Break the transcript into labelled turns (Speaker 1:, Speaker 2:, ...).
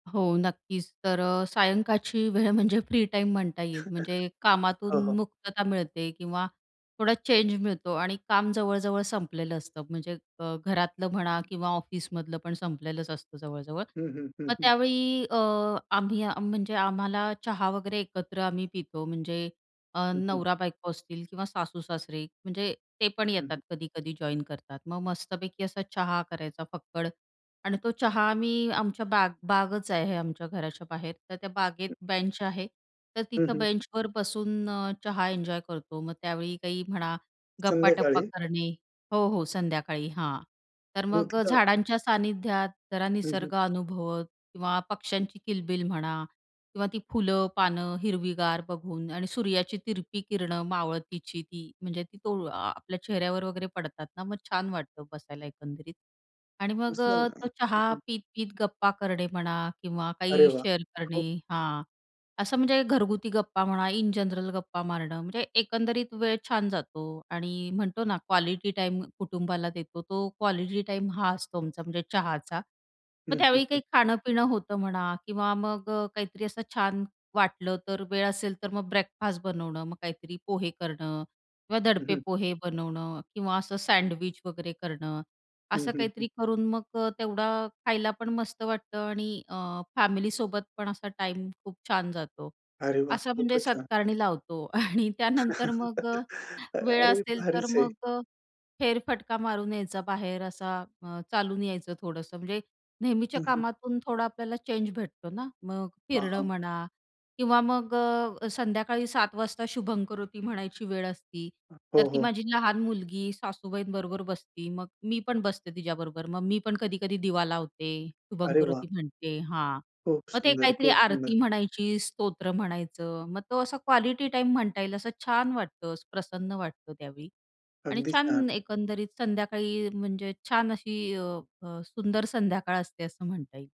Speaker 1: हो नक्कीच, तर अ, सायंकाळची वेळ म्हणजे फ्री टाईम म्हणता येईल म्हणजे
Speaker 2: हो,
Speaker 1: कामातून
Speaker 2: हो.
Speaker 1: मुक्तता मिळते किंवा थोडा चेंज मिळतो आणि काम जवळ-जवळ संपलेलं असतं म्हणजे अ, घरातलं म्हणा किंवा ऑफिसमधलं पण संपलेलंच असतं जवळ-जवळ.
Speaker 2: हं, हं. हं,
Speaker 1: मग
Speaker 2: हं.
Speaker 1: त्यावेळी अ, आम्ही आ म्हणजे आम्हाला चहा वगैरे एकत्र आम्ही पितो. म्हणजे अ,
Speaker 2: हं, हं.
Speaker 1: नवरा-बायको असतील किंवा सासूसासरे म्हणजे ते पण
Speaker 2: हं,
Speaker 1: येतात
Speaker 2: हं.
Speaker 1: कधी-कधी जॉइन करतात. मग मस्तपैकी असा चहा करायचा फक्कड आणि तो चहा आम्ही आमच्या बाग बागच आहे आमच्या घराच्या बाहेर, तर त्या बागेत
Speaker 2: हं.
Speaker 1: बेंच आहे. तर
Speaker 2: हं,
Speaker 1: तिथं
Speaker 2: हं.
Speaker 1: बेंचवर बसून अ, चहा एन्जॉय करतो. मग त्यावेळी काही म्हणा, गप्पाटप्पा
Speaker 2: संध्याकाळी?
Speaker 1: करणे हो, हो संध्याकाळी, हां. तर
Speaker 2: मग
Speaker 1: मग अ,
Speaker 2: तिथं
Speaker 1: झाडांच्या सानिध्यात, जरा
Speaker 2: हं, हं.
Speaker 1: निसर्ग अनुभवत किंवा पक्ष्यांची किलबिल म्हणा किंवा ती फुलं, पानं हिरवीगार बघून आणि सूर्याची तिरपी किरणं मावळतीची ती म्हणजे ती तो आ आपल्या चेहऱ्यावर वगैरे पडतात ना, मग छान वाटतं बसायला एकंदरीत. आणि मग
Speaker 2: असेल
Speaker 1: अ,
Speaker 2: ना.
Speaker 1: तो
Speaker 2: हं,
Speaker 1: चहा
Speaker 2: हं.
Speaker 1: पीत-पीत गप्पा करणे म्हणा किंवा
Speaker 2: अरे
Speaker 1: काही
Speaker 2: वाह!
Speaker 1: शेअर
Speaker 2: खूप
Speaker 1: करणे हां. असं म्हणजे घरगुती गप्पा म्हणा, इन जनरल गप्पा मारणं, म्हणजे एकंदरीत वेळ छान जातो आणि म्हणतो ना क्वालिटी टाईम कुटुंबाला देतो. तो क्वालिटी टाईम हा असतो आमचा म्हणजे चहाचा.
Speaker 2: हं,
Speaker 1: मग
Speaker 2: हं,
Speaker 1: त्यावेळी
Speaker 2: हं.
Speaker 1: काही खाणं-पिणं होतं म्हणा किंवा मग अ, काहीतरी असं छान वाटलं तर वेळ असेल तर मग ब्रेकफास्ट बनवणं. मग काहीतरी पोहे करणं किंवा
Speaker 2: हं,
Speaker 1: दडपे
Speaker 2: हं.
Speaker 1: पोहे बनवणं किंवा असं सँडविच वगैरे करणं.
Speaker 2: हं,
Speaker 1: असं
Speaker 2: हं, हं.
Speaker 1: काहीतरी करून मग अ, तेवढा खायला पण मस्त वाटतं आणि अ, फॅमिलीसोबत पण असा टाईम खूप छान जातो.
Speaker 2: अरे वाह!
Speaker 1: असं म्हणजे
Speaker 2: खूपच छान.
Speaker 1: सत्कारणी लावतो आणि त्यानंतर मग अ, वेळ
Speaker 2: अरे!
Speaker 1: असेल तर
Speaker 2: भारीच आहे.
Speaker 1: मग अ, फेरफटका मारून यायचा बाहेर असा अ, चालून यायचं थोडंसं म्हणजे, नेहमीच्या
Speaker 2: हं, हं.
Speaker 1: कामातून थोडा आपल्याला चेंज भेटतो ना? मग
Speaker 2: हां,
Speaker 1: फिरणं
Speaker 2: हां.
Speaker 1: म्हणा किंवा मग अ, अ, संध्याकाळी 7:00 वाजता शुभंमकरोती म्हणायची वेळ असती.
Speaker 2: हं.
Speaker 1: तर
Speaker 2: हो,
Speaker 1: ती
Speaker 2: हो.
Speaker 1: माझी लहान मुलगी सासूबाईंबरोबर बसती, मग मी पण बसते तिच्याबरोबर. मग मी पण कधी-कधी दिवा लावते,
Speaker 2: अरे वाह!
Speaker 1: शुभंमकरोती म्हणते हां.
Speaker 2: खूप
Speaker 1: मग ते
Speaker 2: सुंदर!
Speaker 1: काहीतरी
Speaker 2: खूप सुंदर!
Speaker 1: आरती म्हणायची, स्तोत्र म्हणायचं. मग तो असा क्वालिटी टाईम म्हणता येईल असं छान वाटतं, प्रसन्न वाटतं त्यावेळी. आणि
Speaker 2: अगदी छान!
Speaker 1: छान एकंदरीत संध्याकाळी म्हणजे छान अशी अ, अ, सुंदर संध्याकाळ असते असं म्हणता येईल.